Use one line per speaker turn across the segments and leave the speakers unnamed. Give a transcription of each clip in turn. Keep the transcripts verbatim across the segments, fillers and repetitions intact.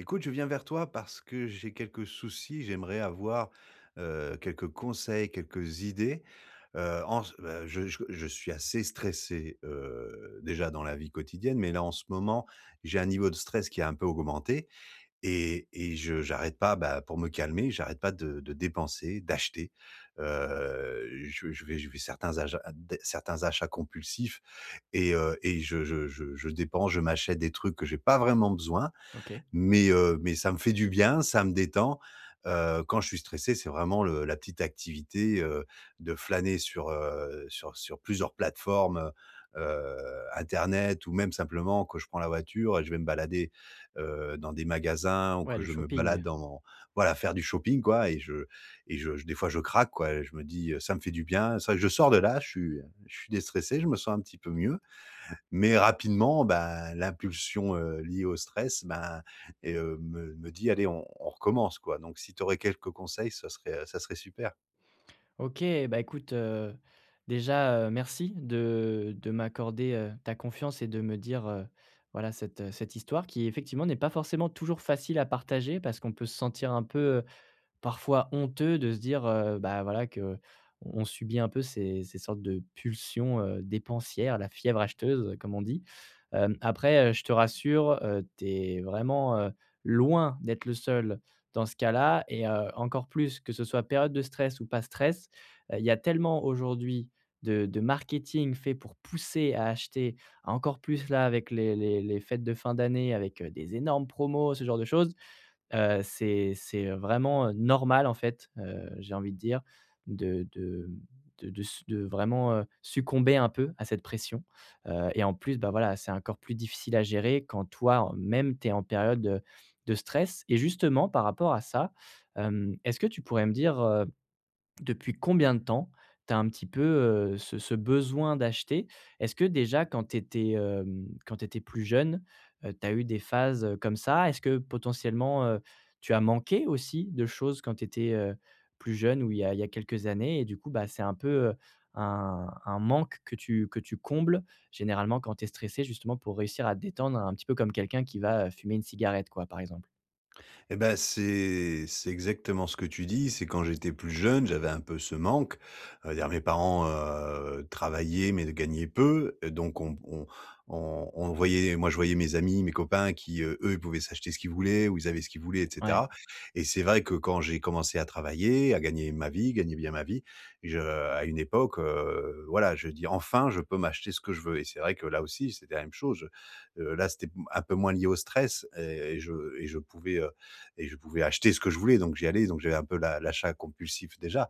Écoute, je viens vers toi parce que j'ai quelques soucis. J'aimerais avoir, heu, quelques conseils, quelques idées. Heu, en c beh, je c je suis assez stressé, heu, déjà dans la vie quotidienne, mais là, en ce moment, j'ai un niveau de stress qui a un peu augmenté et et je j'arrête pas, bah, pour me calmer, j'arrête pas de de dépenser, d'acheter. Heu, je veux je vais je vais certains ajats a d certains achats compulsifs et heu et je je je je dépense, je m'achète des trucs que j'ai pas vraiment besoin
OK.
mais, heu, mais ça me fait du bien, ça me détend. Heu, quand je suis stressé, c'est vraiment le la petite activité, heu, de flâner sur, heu, sur sur plusieurs plateformes, heu heu, internet ou même simplement quand je prends la voiture et je vais me balader, heu, dans des magasins ou
Ouais,
que
le
je me
shopping.
balade en voilà, faire du shopping quoi et je et je j des fois, je craque quoi, et je me dis, heu, ça me fait du bien. Ça je sors de là, je suis, heu, je suis déstressé, je me sens un petit peu mieux mais, rapidement, bah, l'impulsion, heu, liée au stress, ben et heu, me me dit allez, on on recommence quoi, donc si tu aurais quelques conseils, ce serait, heu, ça serait super.
OK, bah, écoute, heu, déjà, heu, merci de de m'accorder, heu, ta confiance et de me dire, heu, voilà cette, heu, cette histoire qui effectivement n'est pas forcément toujours facile à partager, parce qu'on peut se sentir un peu, heu, parfois honteux de se dire, heu, bah, voilà qu'on on subit un peu ces ces sortes de pulsions, heu, dépensières, la fièvre acheteuse, comme on dit. Hem, après, heu, je te rassure, heu, tu es vraiment, heu, loin d'être le seul dans ce cas-là et heu, encore plus que ce soit période de stress ou pas stress. Heu, il y a tellement aujourd'hui de de marketing fait pour pousser à acheter. Encore plus là avec les les les fêtes de fin d'année, avec, heu, des énormes promos, ce genre de choses. Heu, c'est c'est, heu, vraiment, heu, normal en fait, heu, j'ai envie de dire, de de, hem, de de s de vraiment, heu, succomber un peu à cette pression. Heu et en plus, bah voilà, c'est encore plus difficile à gérer quand toi, en même, tu es en période, heu, de stress et justement par rapport à ça, hem, est-ce que tu pourrais me dire, heu, depuis combien de temps tu as un petit peu, heu, ce ce besoin d'acheter? Est-ce que déjà quand tu étais, hem, quand tu étais plus jeune, heu, tu as eu des phases, heu, comme ça? Est-ce que potentiellement, heu, tu as manqué aussi de choses quand tu étais, heu, plus jeune ou il y a il y a quelques années, et du coup bah, c'est un peu, heu, un un manque que tu que tu combles généralement quand tu es stressé? Justement pour réussir à te détendre un petit peu, comme quelqu'un qui va, heu, fumer une cigarette, quoi, par exemple?
Et ben c'est c'est exactement ce que tu dis, c'est quand j'étais plus jeune, j'avais un peu ce manque, heu, il y a mes parents, heu, travaillaient, mais ne gagnaient peu, heu, donc on b on on on voyait les moi, je voyais mes amis, mes copains qui, heu, eux, ils pouvaient s'acheter ce qu'ils voulaient ou ils avaient ce qu'ils voulaient et
Ouais.
cetera et c'est vrai que, quand j'ai commencé à travailler, à gagner ma vie, gagner bien ma vie, je à une époque, heu, voilà, je veux dire enfin, je peux m'acheter ce que je veux et c'est vrai que, là aussi, c'était la même choje. Heu, là, c'était p un peu moins lié au stress et et je et je pouvais, heu et je pouvais acheter ce que je voulais, donc j'y allais, donc j'avais un peu l'a l'achat compulsif déjà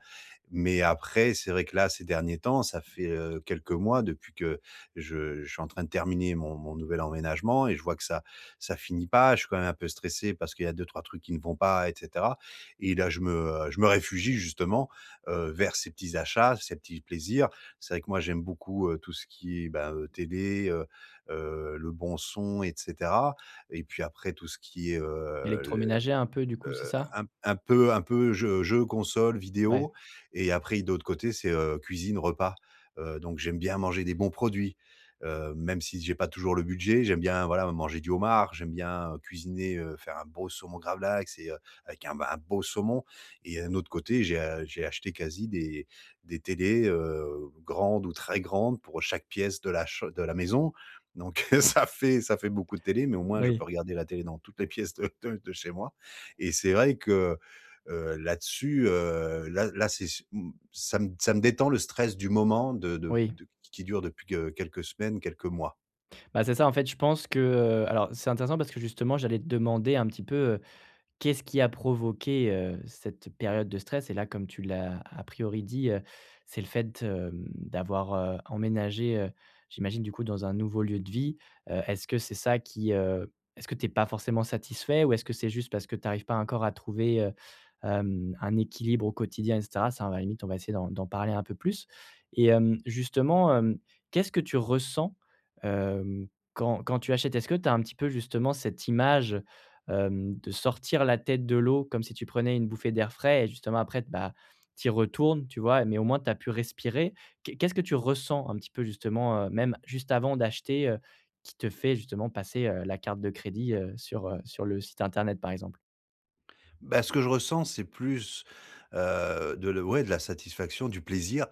mais, après, c'est vrai que là, ces derniers temps, ça fait, heu, quelques mois depuis que je je suis en train de terminer mon mon nouvel emménagement et je vois que ça ça finit pas. Je suis quand même un peu stressé parce qu'il y a deux-trois trucs qui ne vont pas et cetera et là je me, heu, je me réfugie, justement, heu, vers ces petits achats, ces petits plaisirs. C'est vrai que moi, j'aime beaucoup, heu, tout ce qui est, ben, heu, télé, heu heu, le bon son et cetera et puis après, tout ce qui est, heu,
Électroménager, un peu, du
les,
coup, c'est ça?
hem, heu, un p un peu un peu jeu jeu, console,
Ouais.
vidéo et après, i de l'autre côté c'est, heu, cuisine, repas. Heu, donc, j'aime bien manger des bons produits, heu, même si j'ai pas toujours le budget, j'aime bien, voilà, me manger du homard. J'aime bien cuisiner, heu, faire un beau saumon gravlax et heu, avec un b un beau saumon et heu, un autre côté, j'ai a j'ai acheté quasi des des télés, heu, grandes ou très grandes pour chaque pièce de la cham de la maison, donc heu, ça fait ça fait beaucoup de télé, mais au moins je peux
Oui.
regarder la télé dans toutes les pièces de de de chez moi et c'est vrai que, heu, là-dessus, heu, là là c'est ch m ça m ça me détend le stress du moment de de
Oui.
d q qui dure depuis que quelques semaines, quelques mois.
Bah, c'est ça, en fait je pense que, heu alors c'est intéressant parce que justement j'allais te demander un petit peu, heu, qu'est ce qui a provoqué, heu, cette période de stress, et là, comme tu l'as à priori dit, heu, c'est le fait, hem, d'avoir, heu, emménagé, heu, j'imagine du coup, dans un nouveau lieu de vie. Heu, est-ce que c'est ça qui, heu est-ce que tu es pas forcément satisfait ou est-ce que c'est juste parce que tu arrives pas encore à trouver, heu, hem, un équilibre au quotidien et cetera? Ça, à la limite on va essayer d'en d'en parler un peu plus et hem, justement, hem, qu'est-ce que tu ressens, hem, quand quand tu achètes? Est-ce que tu as un petit peu justement cette image, hem, de sortir la tête de l'eau comme si tu prenais une bouffée d'air frais, et justement après t bah tu y retournes, tu vois et mais au moins tu as pu respirer. Qué qu'est-ce que tu ressens un petit peu, justement, heu, même juste avant d'acheter, heu, qui te fait justement passer, heu, la carte de crédit, heu, sur, heu, sur le site internet, par exemple?
Bah, ce que je ressens, c'est plus, heu, de l ouais de la satisfaction, du plaisir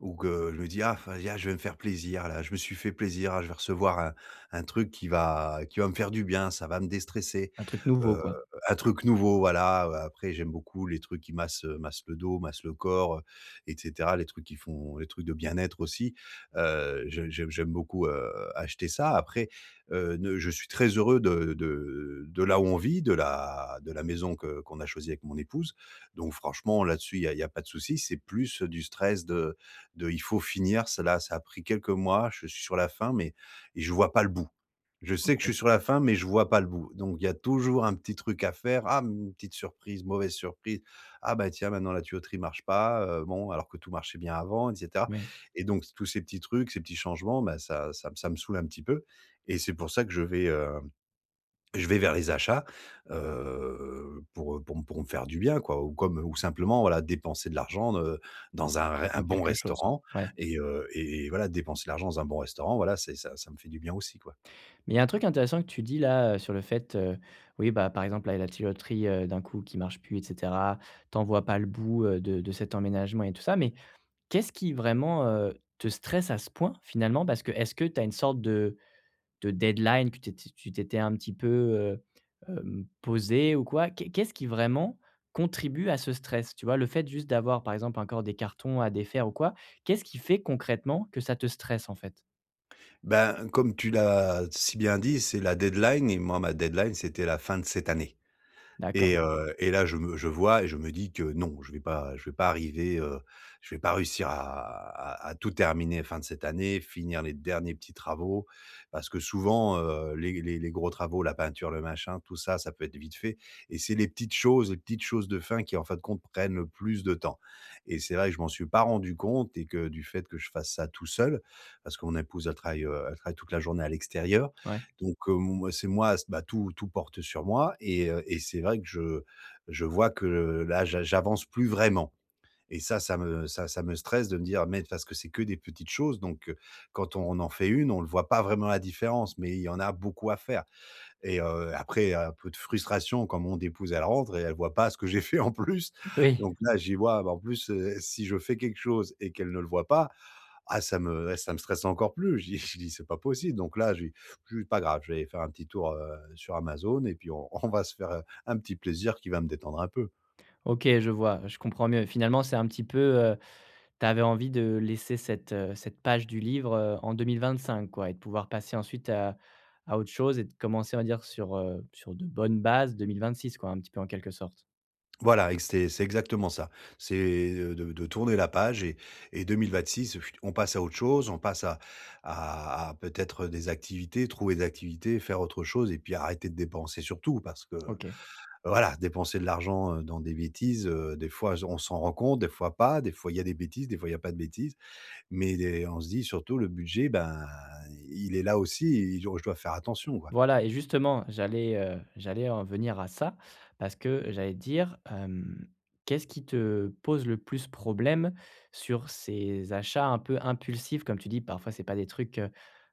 ou que je me dis: «Ah, vas-y, ah je vais me faire plaisir là. Je me suis fait plaisir, ah je vais recevoir, heu, un truc qui va qui va me faire du bien. Ça va me déstresser,
Un truc nouveau,
heu,
quoi.
un truc nouveau, voilà» heu, après, j'aime beaucoup les trucs qui massent, heu, massent le dos, massent le corps, heu, et cetera. Les trucs qui font les trucs de bien-être aussi, heu, je j'aime j'aime beaucoup, heu, acheter ça. Après, heu, ne je suis très heureux de de de là où on vit, de la de la maison que qu'on a choisi avec mon épouse, donc franchement, là dessus, il y a il y a pas de souci. C'est plus, heu, du stress de de il faut finir, c'est là ça a pris quelques mois, je suis sur la fin, mais et je vois pas le bout. Je sais que je suis
OK.
sur la fin, mais je vois pas le bout, donc il y a toujours un petit truc à faire. Ah m une petite surprise, mauvaise surprise. Ah bah tiens, maintenant, la tuyauterie marche pas, heu, bon, alors que tout marchait bien avant, et cetera,
Oui.
et donc s tous ces petits trucs, ces petits changements, bah, ça ça m ça me saoule un petit peu et c'est pour ça que je vais, hem, je vais vers les achats. Heu, pour, heu, pour m pour me faire du bien quoi, ou comme, heu ou simplement voilà dépenser de l'argent, heu, dans un ré un
En
bon
quelque chose,
restaurant
ouais.
et heu, et voilà. Dépenser l'argent dans un bon restaurant voilà c'est ça, ça me fait du bien aussi, quoi.
Mais il y a un truc intéressant que tu dis là, heu, sur le fait, heu, oui, bah, par exemple la, il y a la tuyauterie, heu, d'un coup qui marche plus et cetera. Tu en vois pas le bout, heu, de de cet emménagement et tout ça, mais qu'est-ce qui vraiment, heu, te stresse à ce point finalement? Parce que, est-ce que tu as une sorte de de deadline que t tu tu t'étais un petit peu, heu, hem, posé ou quoi? Qu'est qu'est-ce qui vraiment contribue à ce stress, tu vois? Le fait juste d'avoir, par exemple, encore des cartons à défaire ou quoi, qu'est-ce qui fait concrètement que ça te stresse en fait?
Ben, comme tu l'as si bien dit, c'est la deadline et moi ma deadline, c'était la fin de cette année
D'accord.
et heu, et là, je me je vois et je me dis que non, je vais pas je vais pas arriver, heu, je vais pas réussir à à -à tout terminer fin de cette année, finir les derniers petits travaux parce que souvent, heu, les les les gros travaux, la peinture, le machin, tout ça, ça peut être vite fait et c'est les petites choses, les petites choses de fin qui enfin de compte prennent le plus de temps et c'est vrai que je m'en suis pas rendu compte et que du fait que je fasse ça tout seul, parce que mon épouse elle travaille, heu, elle travaille toute la journée à l'extérieur
Ouais.
donc, hem, c'est moi s bah tout tout porte sur moi et heu, et c'est vrai que je je vois que là, j'a j'avance plus vraiment et ça, ça m ça, ça me stresse de me dire mais parce que c'est que des petites choses donc heu, quand on en fait une, on le voit pas vraiment la différence, mais il y en a beaucoup à faire et heu, après il y a un peu de frustration quand mon épouse, elle rentre et elle voit pas ce que j'ai fait en plus
Oui.
donc là j'y vois bah en plus, heu, si je fais quelque chose et qu'elle ne le voit pas. Ah ça me eh ça me stresse encore plus. Je dis je dis c'est pas possible, donc là je je pas grave je vais aller faire un petit tour, heu, sur Amazon et puis on on va se faire, heu, un petit plaisir qui va me détendre un peu.
OK. Je vois, je comprends mieux. Finalement, c'est un petit peu, heu, tu avais envie de laisser cette, heu, cette page du livre, heu, en deux-mille-vingt-cinq quoi, et de pouvoir passer ensuite à à autre chose et de commencer on va dire sur, heu, sur de bonnes bases deux-mille-vingt-six quoi, un petit peu en quelque sorte.
Voilà, et c'est c'est exactement ça. C'est, heu, de de tourner la page et et deux-mille-vingt-six, heu, on passe à autre chose. On passe à à à peut-être, heu, des activités, trouver des activités, faire autre chose et puis arrêter de dépenser sur tout parce que
OK.
voilà dépenser de l'argent, heu, dans des bêtises, heu, des fois je on s'en rend compte, des fois pas. Des fois il y a des bêtises, des fois il y a pas de bêtises, mais des on se dit surtout: «Le budget, ben, il est là aussi et je je dois faire attention, quoi».
Voilà et justement j'allais, heu, j'allais en venir à ça parce que j'allais dire, hem, qu'est-ce qui te pose le plus problème sur ces achats un peu impulsifs? Comme tu dis parfois, c'est pas des trucs, heu,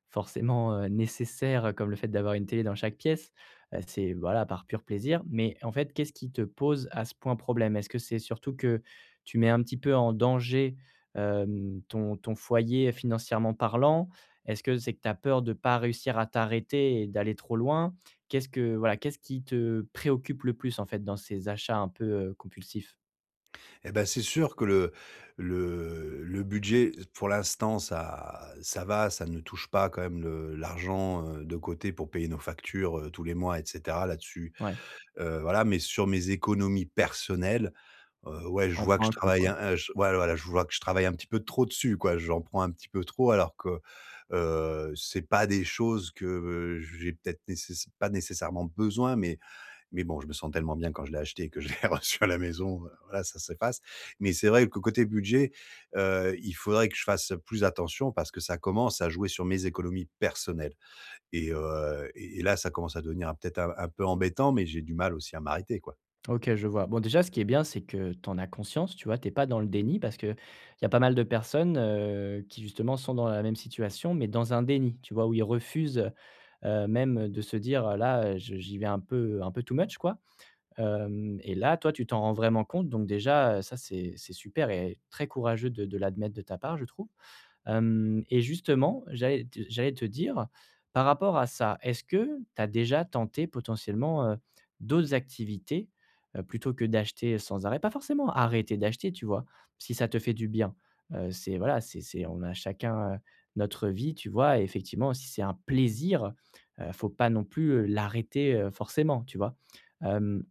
forcément, heu, nécessaires, heu, comme le fait d'avoir une télé dans chaque pièce, heu, c'est voilà, par pur plaisir, mais en fait, qu'est-ce qui te pose à ce point problème? Est-ce que c'est surtout que tu mets un petit peu en danger, hem, ton ton foyer financièrement parlant? Est-ce que c'est que tu as peur de pas réussir à t'arrêter et d'aller trop loin? Qu'est-ce que, voilà, qu'est-ce qui te préoccupe le plus en fait dans ces achats un peu, heu, compulsifs?
Et ben, c'est sûr que le le le budget pour l'instant ça ça va, ça ne touche pas quand même le l'argent, heu, de côté pour payer nos factures, heu, tous les mois, et cetera. Là-dessus,
Ouais.
heu, voilà, mais sur mes économies personnelles, heu, ouais.
Qui
Je
en
vois que
prend
je
un coup
travaille,
quoi.
hein, heu, j ouais voilà je vois que je travaille un petit peu trop dessus, quoi. J'en prends un petit peu trop alors que, heu, c'est pas des choses que j'ai peut-être nécess pas nécessairement besoin mais, mais bon, je me sens tellement bien quand je l'ai acheté que je l'ai reçu à la maison. Voilà, ça s'efface. Mais c'est vrai que côté budget, heu, il faudrait que je fasse plus attention parce que ça commence à jouer sur mes économies personnelles et heu, et et là, ça commence à devenir un peut être un un peu embêtant, mais j'ai du mal aussi à m'arrêter quoi.
OK je vois. Bon déjà, ce qui est bien, c'est que tu en as conscience, tu vois? Tu es pas dans le déni parce que, il y a pas mal de personnes, heu, qui justement sont dans la même situation, mais dans un déni, tu vois? Où ils refusent, heu, même de se dire, heu, là, heu, j j'y vais un peu, heu, un peu too much quoi, hem, et là, toi, tu t'en rends vraiment compte, donc déjà, heu, ça, c'est c'est super et très courageux de de l'admettre de ta part, je trouve, hem, et justement, j'allais te j'allais te dire par rapport à ça, est-ce que tu as déjà tenté potentiellement, heu, d'autres activités, heu, plutôt que d'acheter sans arrêt? Pas forcément arrêter d'acheter, tu vois? Si ça te fait du bien, heu, c'est voilà, c'est c'est on a chacun, heu, notre vie, tu vois? Et effectivement si c'est un plaisir, heu, faut pas non plus, heu, l'arrêter, heu, forcément, tu vois? Hem,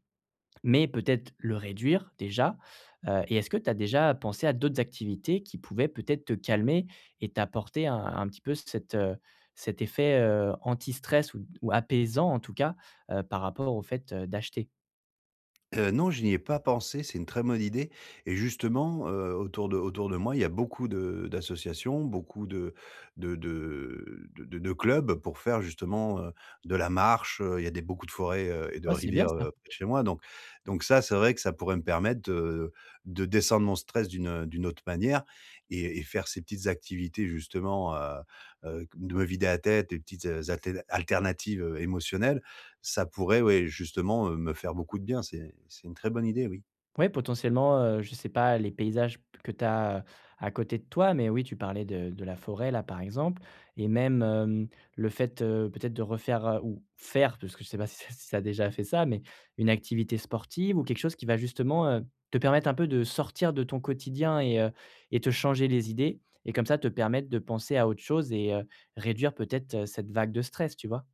mais peut-être le réduire déjà, heu, et est-ce que tu as déjà pensé à d'autres activités qui pouvaient peut-être te calmer et t'apporter un un petit peu cet, heu, cet effet, heu, anti-stress? Ou d ou apaisant en tout cas, heu, par rapport au fait, heu, d'acheter?
Heu, non, je n'y ai pas pensé, c'est une très bonne idée. Et justement, heu, autour de autour de moi, il y a beaucoup de d'associations. Beaucoup de de de, heu, de de clubs pour faire justement, heu, de la marche, heu. Il y a des beaucoup de forêts, heu et de
Ouais c'est bien
rivières,
ça.
heu, près de chez moi. Donc donc ça, c'est vrai que ça pourrait, me permettre de de descendre mon stress d'une, heu, d'une autre manière et et faire ces petites activités, justement, heu heu de me vider la tête, des petites a altél alternatives, heu, émotionnelles. Ça pourrait ouais, justement, heu, me faire beaucoup de bien. C'est c'est une très bonne idée, oui.
Ouais, potentiellement, heu, je sais pas les paysages p que tu as, heu, à côté de toi. Mais oui, tu parlais de de la forêt là, par exemple. Et même, hem, le fait, heu, peut-être de refaire, heu, ou faire, parce que je sais pas si ça tu as déjà fait ça mais, une activité sportive ou quelque chose qui va justement, heu, te permettre un peu de sortir de ton quotidien et heu et te changer les idées. Et comme ça, te permettre de penser à autre chose et heu, réduire peut-être, heu, cette vague de stress, tu vois?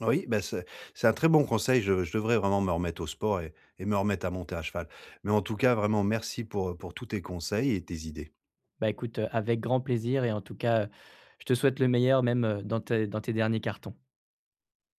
Oui, bah, c'est c'est un très bon conseil. Je de je devrais vraiment me remettre au sport et me remettre à monter à cheval. Mais en tout cas, vraiment merci pour, heu, pour tous tes conseils et tes idées.
Bah, écoute, heu, avec grand plaisir et en tout cas, heu, je te souhaite le meilleur. Même, heu, dans tes dans tes derniers cartons.